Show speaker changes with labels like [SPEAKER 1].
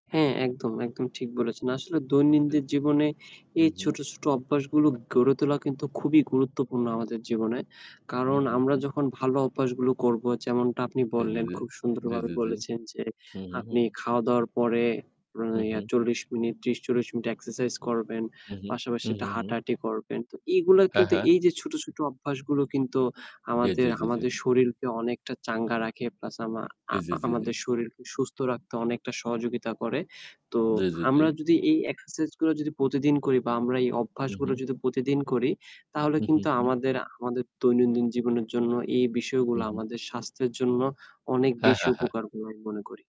[SPEAKER 1] হ্যাঁ, একদম, একদম ঠিক বলেছেন। আসলে
[SPEAKER 2] জি,
[SPEAKER 1] দৈনন্দিন
[SPEAKER 2] জি
[SPEAKER 1] জীবনে
[SPEAKER 2] হু,
[SPEAKER 1] এই
[SPEAKER 2] হু।
[SPEAKER 1] ছোট, ছোট অভ্যাসগুলো গড়ে তোলা কিন্তু খুবই গুরুত্বপূর্ণ আমাদের জীবনে।
[SPEAKER 2] হু,
[SPEAKER 1] কারণ
[SPEAKER 2] হু,
[SPEAKER 1] আমরা
[SPEAKER 2] হু।
[SPEAKER 1] যখন ভালো অভ্যাসগুলো করব যেমনটা আপনি
[SPEAKER 2] জি, জি,
[SPEAKER 1] বললেন,
[SPEAKER 2] জি,
[SPEAKER 1] খুব
[SPEAKER 2] জি,
[SPEAKER 1] সুন্দরভাবে
[SPEAKER 2] জি, জি।
[SPEAKER 1] বলেছেন, যে
[SPEAKER 2] হু, হু, হু।
[SPEAKER 1] আপনি খাওয়া-দাওয়ার পরে অ্যা
[SPEAKER 2] হু,
[SPEAKER 1] ইয়া
[SPEAKER 2] হু।
[SPEAKER 1] ৪০ মিনিট, ৩০-৪০ মিনিট Exercise করবেন।
[SPEAKER 2] হু, হু,
[SPEAKER 1] পাশাপাশি
[SPEAKER 2] হু,
[SPEAKER 1] এটা
[SPEAKER 2] হু, হু।
[SPEAKER 1] হাঁটাহাঁটি করবেন। তো এগুলা
[SPEAKER 2] হ্যাঁ,
[SPEAKER 1] কিন্তু
[SPEAKER 2] হ্যাঁ।
[SPEAKER 1] এই যে ছোট, ছোট অভ্যাসগুলো কিন্তু
[SPEAKER 2] জি, জি
[SPEAKER 1] আমাদের,
[SPEAKER 2] জি, জি।
[SPEAKER 1] আমাদের শরীরকে অনেকটা চাঙ্গা রাখে প্লাস আমা আ
[SPEAKER 2] জি, জি
[SPEAKER 1] আ
[SPEAKER 2] জি, জি।
[SPEAKER 1] আমাদের শরীরকে সুস্থ রাখতে অনেকটা সহযোগিতা করে। তো
[SPEAKER 2] জি, জি জি।
[SPEAKER 1] আমরা যদি এই Exercise গুলা যদি প্রতিদিন করি বা আমরা এই
[SPEAKER 2] হু,
[SPEAKER 1] অভ্যাসগুলো
[SPEAKER 2] হু।
[SPEAKER 1] যদি প্রতিদিন করি তাহলে
[SPEAKER 2] হু, হু,
[SPEAKER 1] কিন্তু
[SPEAKER 2] হু।
[SPEAKER 1] আমাদের, আমাদের দৈনন্দিন জীবনের জন্য এই
[SPEAKER 2] হু,
[SPEAKER 1] বিষয়গুলো
[SPEAKER 2] হু।
[SPEAKER 1] আমাদের স্বাস্থ্যের জন্য অনেক
[SPEAKER 2] হ্যাঁ,
[SPEAKER 1] বেশি
[SPEAKER 2] হ্যাঁ, হ্যাঁ।
[SPEAKER 1] উপকার বলে আমি মনে করি।